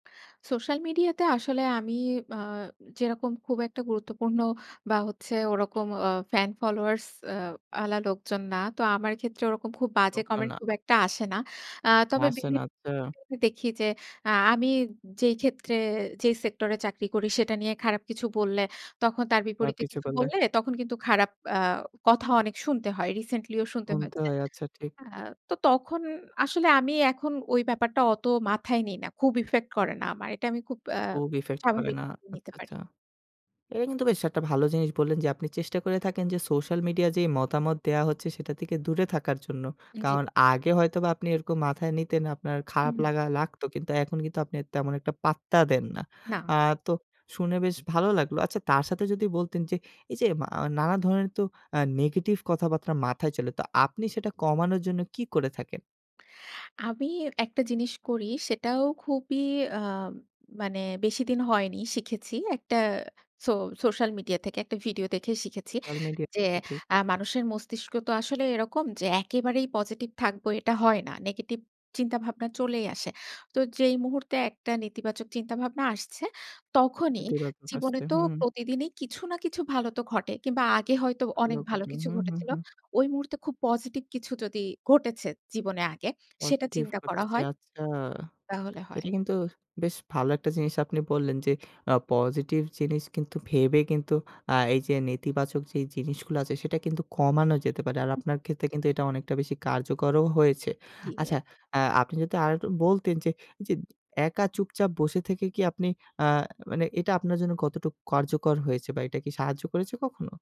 Social মিডিয়াতে আসলে আমি আ যেরকম খুব একটা গুরুত্বপূর্ণ বা হচ্ছে ওরকম অ ফ্যান ফলোয়ার্স অ্যা ওয়ালা লোকজন না। তো আমার ক্ষেত্রে ওরকম খুব বাজে লোকজন কমেন্ট না। খুব একটা আসে না। আ তবে হাসেন বিভিন্ন আচ্ছা। ক্ষেত্রে দেখি যে আ আমি যেই ক্ষেত্রে যেই সেক্টরে চাকরি করি সেটা নিয়ে খারাপ কিছু বললে, তখন তার বা বিপরীতে কিছু কিছু করলে বললে তখন কিন্তু খারাপ আ কথা অনেক শুনতে হয়। রিসেন্টলি ও শুনতে শুনতে হয়েছে। হয় আচ্ছা, ঠিক। আ তো তখন আসলে আমি এখন ওই ব্যাপারটা অত মাথায় নেই না। খুব ইফেক্ট করে না আমার। এটা আমি খুব অ্যা খুব ইফেক্ট করে স্বাভাবিক না। ভাবে নিতে আচ্ছা, পারি। আচ্ছা। এটা কিন্তু বেশ একটা ভালো জিনিস বললেন, যে আপনি চেষ্টা করে থাকেন যে সোশ্যাল মিডিয়ায় যে মতামত দেওয়া হচ্ছে সেটা থেকে দূরে থাকার জন্য। উ জ্বী। কারণ আগে হয়তোবা আপনি এরকম মাথায় নিতেন, আপনার খারাপ উহু। লাগা লাগত। কিন্তু এখন কিন্তু আপনি তেমন একটা পাত্তা দেন না। আ না। তো শুনে বেশ ভালো লাগলো। আচ্ছা, তার সাথে যদি বলতেন যে, এই যে মা নানা ধরনের তো, অ্যা নেগেটিভ কথাবার্তা মাথায় চলে, তো আপনি সেটা কমানোর জন্য কী করে থাকেন? আমি একটা জিনিস করি সেটাও খুবই আম মানে বেশিদিন হয়নি শিখেছি। একটা সো সোশ্যাল মিডিয়া থেকে একটা ভিডিও দেখে শিখেছি। সোশ্যাল মিডিয়া, যে টাও ঠিক। আ মানুষের মস্তিষ্ক তো আসলে এরকম যে একেবারেই পজিটিভ থাকবো এটা হয় না। নেগেটিভ চিন্তা ভাবনা চলেই আসে। তো যেই মুহূর্তে একটা নেতিবাচক চিন্তাভাবনা আসছে তখনই নেতিবাচক জীবনে আসছে তো হুম। প্রতিদিনই কিছু না কিছু ভালো তো ঘটে। কিংবা আগে হয়তো আলো অনেক ভালো কথা কিছু হু, হু, ঘটেছিল। হু। ওই মুহূর্তে খুব পজিটিভ কিছু যদি ঘটেছে জীবনে আগে সেটা পজিটিভ চিন্তা করা করতেছে হয় আচ্ছা। তাহলে হয় এটা কিন্তু বেশ ভালো একটা জিনিস আপনি বললেন যে অ পজিটিভ জিনিস কিন্তু ভেবে কিন্তু আ এই যে নেতিবাচক যেই জিনিসগুলা আছে সেটা কিন্তু কমানো যেতে পারে। আর হু। আপনার ক্ষেত্রে কিন্তু এটা অনেকটা বেশি কার্যকরও হয়েছে। জী আচ্ছা, এক আ আপনি যদি আরেকটু বলতেন যে এইযে একা চুপচাপ বসে থেকে কি আপনি, আ মানে এটা আপনার জন্য কতটুকু কার্যকর হয়েছে? বা এটা কি সাহায্য করেছে কখনো?